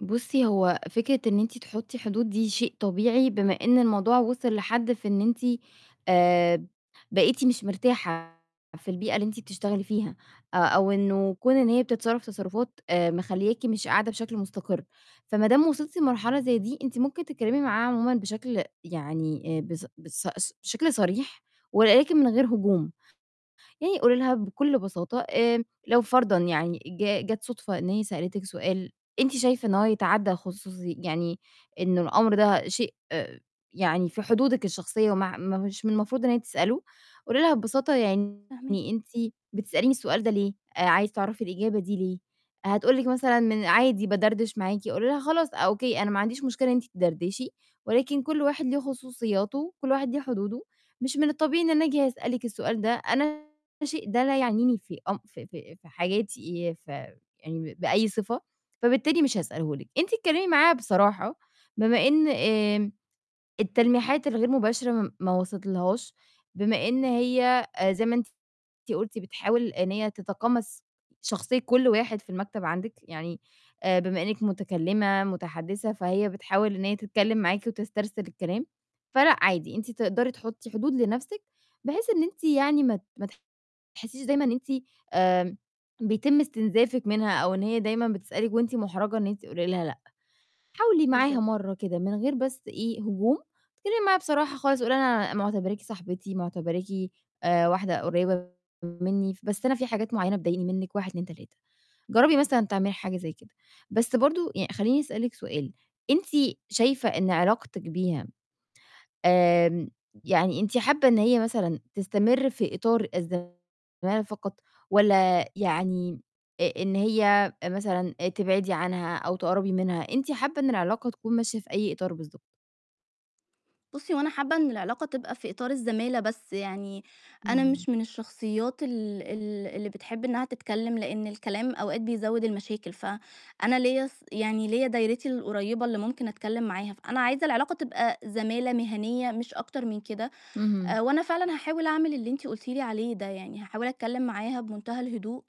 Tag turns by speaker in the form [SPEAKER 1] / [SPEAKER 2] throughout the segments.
[SPEAKER 1] بُصي، هو فكرة إن أنتِ تحطي حدود دي شيء طبيعي بمِا إن الموضوع وصِل لحد في إن أنتِ، آآ، بقيتِ مش مرتاحة في البيئة اللي أنتِ بتشتغلي فيها، أ أو إنه كُون إن هي بتتصرف تصرُفات، آآ، مخلياكِ مش قاعدة بشكل مُستقر. فما دام وصلتِ لمرحلة زي دي، أنتِ ممكن تتكلمي معاها عمومًا بشكل يعني إيه بس بس سش شكل صريح، ولكن من غير هجوم. يعني قُولي لها بكل بساطة، آمم، لو فرضًا يعني ج جات صُدفة إن هي سألتِك سؤال أنتِ شايفة إن هو يتعدى الخصوصي يعني إن الأمر ده شيء يعني في حدودِك الشخصية مع م مش من المفروض إن هي تسأله، قُولي لها ببساطة يعني:
[SPEAKER 2] فاهماكِ.
[SPEAKER 1] "أنتِ بتسأليني السؤال ده ليه؟ عايزة تعرفي الإجابة دي ليه؟" هتقول لِك مثلًا: "من عادي بادردش معاكِ." قولي لها: "خلاص، okay، أنا ما عنديش مشكلة إن أنتِ تدردشي، ولكن كل واحد ليه خصوصياته، كل واحد ليه حدوده. مش من الطبيعي إن أنا آجي أسألِك السؤال ده، أنا الشيء ده لا يعنيني في أم في في في حياتي، ي في يعني ب بأي صفة، فبالتالي مش هاسأله لِك." أنتِ اتكلمي معاها بصراحة بمِا إن، آمم التلميحات الغير مباشرة م ما وصلتلهاش، بمِا إن هي، أ زي ما أنتِ أنتِ قُلتِ بتحاول إن هي تتقمص شخصية كل واحد في المكتب عندِك، يعني، أ بمِا إنِك مُتكلمة متحدثة، فهي بتحاول إن هي تتكلم معاكِ وتسترسل الكلام. فلأ، عادي، أنتِ تقدري تحطي حدود لنفسِك، بحيث إن أنتِ يعني ما ت ما تحسيش دايمًا أنتِ، آمم، بيتم استنزافِك منها أو إن هي دايمًا بتسألِك وأنتِ مُحرجة إن أنتِ تقولي لها لأ. حاولي معاها
[SPEAKER 2] بالضبط.
[SPEAKER 1] مرة كده من غير بس إيه هجوم، اتكلمي معاها بصراحة خالص، قولي لها أنا مُعتبراكِ صاحبتي، معتبراكِ، آآ، واحدة قُريبة مني، بس أنا في حاجات معينة بتضايقيني منِك، 1 2 3. جربي مثلًا تعملي حاجة زي كده. بس برضو يعني خليني أسألِك سؤال أنتِ شايفة إن علاقتِك بيها، آمم، يعني أنتِ حابة إن هي مثلًا تستمر في إطار الزمَالة فقط، والّا يعني، أ أ إن هي مثلًا أ تبعدي عنها أو تقربي منها؟ أنتِ حابة إن العلاقة تكون ماشية في أي إطار بالضبط؟
[SPEAKER 2] بُصي هو أنا حابة إن العلاقة تبقى في إطار الزمَالة بس يعني، أنا
[SPEAKER 1] اهم.
[SPEAKER 2] مش من الشخصيات ال ال اللي بتحب إنها تتكلم لإن الكلام أوقات بيزود المشاكل، ف أنا ليّا ص يعني ليّا دايرتي القُريبة اللي ممكن أتكلم معاها، فأنا عايزة العلاقة تبقى زمَالة مهنية مش أكتر من كده.
[SPEAKER 1] اهم.
[SPEAKER 2] آآ، وأنا فعلًا هاحاول أعمل اللي أنتِ قُلتِ لي عليه ده يعني، هاحاول أتكلم معاها بمُنتهى الهدوء.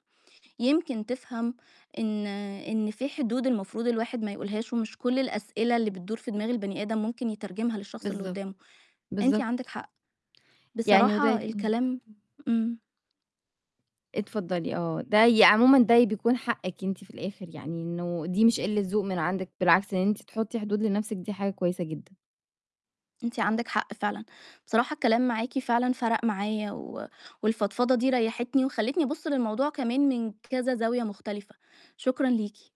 [SPEAKER 2] يمكن تفهم إن إن في حدود المفروض الواحد ما يقولهاش، ومش كل الأسئلة اللي بتدُور في دماغ البني آدم مُمكن يترجمها للشخص اللي
[SPEAKER 1] بالضبط،
[SPEAKER 2] قدامه. أنتِ
[SPEAKER 1] بالضبط.
[SPEAKER 2] عندِك حق.
[SPEAKER 1] يعني وده
[SPEAKER 2] بصراحة
[SPEAKER 1] إمم.
[SPEAKER 2] الكلام إمم.
[SPEAKER 1] اتفضلي آه. ده يا عمومًا ده بيكون حقِك أنتِ في الآخر، يعني إنه دي مش قلة ذوق من عندِك، بالعكس إن أنتِ تحطي حدود لنفسِك دي حاجة كويسة جدًا.
[SPEAKER 2] أنتِ عندِك حق فعلًا. بصراحة الكلام معاكِ فعلًا فَرق معايا، و والفضفضة دي ريحتني وخلتني أبُص للموضوع كمان من كذا زاوية مُختلفة. شكرًا ليكِ.